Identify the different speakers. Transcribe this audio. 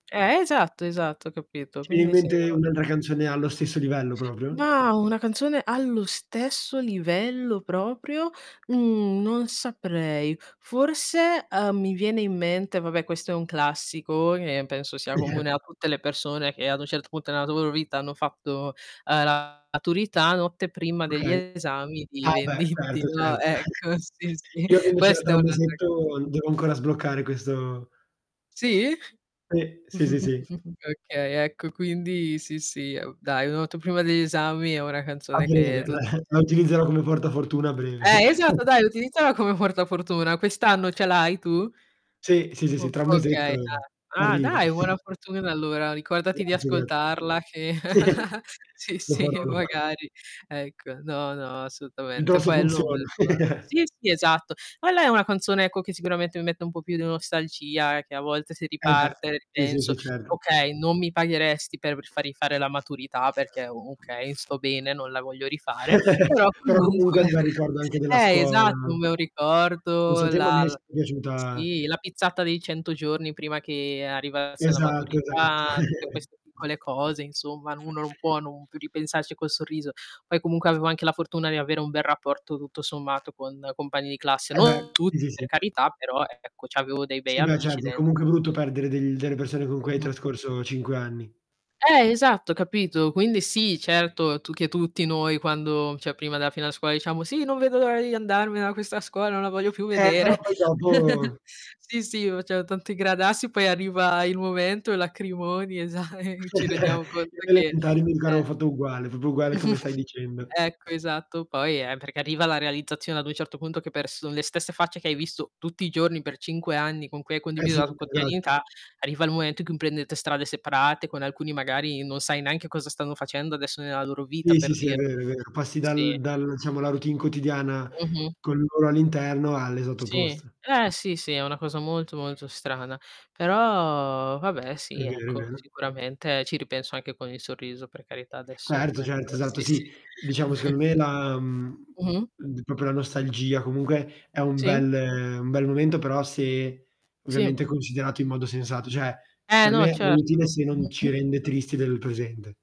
Speaker 1: Eh, esatto, esatto capito,
Speaker 2: Ti viene in
Speaker 1: quindi sì,
Speaker 2: mente
Speaker 1: no
Speaker 2: un una canzone allo stesso livello proprio?
Speaker 1: Na, una canzone allo stesso livello proprio, mhmm, non saprei. Forse, ehm, mi viene in mente vabbè questo è un classico, che penso sia comune a tutte le persone che ad un certo punto nella loro vita hanno fatto, uhm, la maturità Notte prima degli
Speaker 2: Okay.
Speaker 1: esami di
Speaker 2: Ah beh,
Speaker 1: Venditti,
Speaker 2: certo,
Speaker 1: no.
Speaker 2: certo.
Speaker 1: Ecco, sì, sì,
Speaker 2: Io avendocela
Speaker 1: questa
Speaker 2: tra
Speaker 1: è
Speaker 2: 1
Speaker 1: un'altra canz
Speaker 2: mesetto, devo ancora sbloccare questo
Speaker 1: Sì?
Speaker 2: Sì, sì, sì, sì.
Speaker 1: Okay, ecco, quindi sì, sì, è uhm, dai "Notte prima degli esami" è una
Speaker 2: A
Speaker 1: canzone che
Speaker 2: breve, la
Speaker 1: tutti
Speaker 2: la
Speaker 1: ecco
Speaker 2: utilizzerò come
Speaker 1: [unintelligible]
Speaker 2: portafortuna a breve.
Speaker 1: eh, esatto dai, utilizzala come portafortuna. Quest'anno ce l'hai tu?
Speaker 2: Sì, sì, sì, sì,
Speaker 1: O
Speaker 2: tra 1
Speaker 1: okay,
Speaker 2: mesetto
Speaker 1: [unintelligible] ah,
Speaker 2: arriva.
Speaker 1: dai, buona fortuna, allora, ricordati di
Speaker 2: Grazie, graz
Speaker 1: ascoltarla che sì,
Speaker 2: Lo
Speaker 1: sì
Speaker 2: farò, lo farò.
Speaker 1: magari, ecco, no, no,
Speaker 2: Vedrò
Speaker 1: assolutamente,
Speaker 2: se
Speaker 1: quello
Speaker 2: funziona.
Speaker 1: [unintelligible] sì, sì esatto. Ma lei è una canzone, ecco che sicuramente mi mette un po' più di nostalgia, eh, che a volte si
Speaker 2: Eh beh,
Speaker 1: riparte,
Speaker 2: sì, sì,
Speaker 1: penso.
Speaker 2: sì, certo.
Speaker 1: Okay, non mi pagheresti per rifa rifare la maturità perché, okay, sto bene, non la voglio rifare, però
Speaker 2: Però comunque è
Speaker 1: comunque
Speaker 2: un bel ricordo anche della
Speaker 1: eh,
Speaker 2: scuola.
Speaker 1: esatto un bel
Speaker 2: Non so
Speaker 1: ricordo,
Speaker 2: te, ma mi
Speaker 1: la
Speaker 2: è
Speaker 1: l
Speaker 2: sempre piaciuta
Speaker 1: sì la pizzata dei 100 giorni prima che arrivasse la
Speaker 2: Esatto, esatto.
Speaker 1: maturità, tutte queste piccole cose, insomma, uno non può non più ripensarci col sorriso. Poi comunque avevo anche la fortuna di avere un bel rapporto, tutto sommato, con compagni di classe,
Speaker 2: Eh beh,
Speaker 1: non
Speaker 2: sì, sì,
Speaker 1: tutti, per
Speaker 2: sì.
Speaker 1: carità, però ecco c'avevo dei bei
Speaker 2: Sì beh,
Speaker 1: amici
Speaker 2: certo, è
Speaker 1: dent
Speaker 2: comunque brutto perdere degl delle persone con cui hai
Speaker 1: Mh-mh.
Speaker 2: trascorso 5 anni.
Speaker 1: Eh esatto, capito, quindi sì, certo tu che tutti noi quando cioè prima della fine della scuola, diciamo: "Sì, non vedo l'ora di andarmene da questa scuola, non la voglio più
Speaker 2: Eh, però
Speaker 1: vedere".
Speaker 2: poi dopo
Speaker 1: Sì, sì faceva tanto i gradassi poi arriva il momento, lacrimoni esa e ci rendiamo conto
Speaker 2: Io alle
Speaker 1: che
Speaker 2: elementari mi ricordo
Speaker 1: eh.
Speaker 2: avevo fatto uguale, proprio uguale come stai dicendo.
Speaker 1: Ecco, esatto, poi eh, perché arriva la realizzazione ad un certo punto che pers son le stesse facce che hai visto tutti i giorni per 5 anni, con cui hai
Speaker 2: Eh
Speaker 1: condiviso
Speaker 2: sì,
Speaker 1: la tu
Speaker 2: esatto.
Speaker 1: quotidianità, arriva il momento in cui prendete strade separate. Con alcuni magari, non sai neanche cosa stanno facendo adesso nella loro vita,
Speaker 2: Sì, sì,
Speaker 1: per
Speaker 2: sì, è vero
Speaker 1: dirti.
Speaker 2: è vero,
Speaker 1: Sì,
Speaker 2: passi dal
Speaker 1: sì.
Speaker 2: dal diciamo la routine quotidiana,
Speaker 1: Mh-mh.
Speaker 2: con loro all'interno, all'esatto
Speaker 1: Sì,
Speaker 2: opposto.
Speaker 1: eh sì, sì, è una cosa molto, molto strana, però, vabbè,
Speaker 2: È
Speaker 1: sì,
Speaker 2: vero, è
Speaker 1: ecco,
Speaker 2: vero.
Speaker 1: sicuramente ci ripenso anche con il sorriso, per carità, adesso.
Speaker 2: Certo,
Speaker 1: Ecco,
Speaker 2: certo, esatto,
Speaker 1: sì, sì.
Speaker 2: sì. Diciamo, secondo me, la, mhmm,
Speaker 1: Mh-mh.
Speaker 2: l d proprio la nostalgia comunque è un
Speaker 1: Sì.
Speaker 2: bel un bel momento, però se
Speaker 1: Sì.
Speaker 2: ovviamente considerato in modo sensato, cioè,
Speaker 1: Eh
Speaker 2: per
Speaker 1: no,
Speaker 2: me è utile
Speaker 1: certo.
Speaker 2: se non ci
Speaker 1: Mh-mh.
Speaker 2: rende tristi del presente.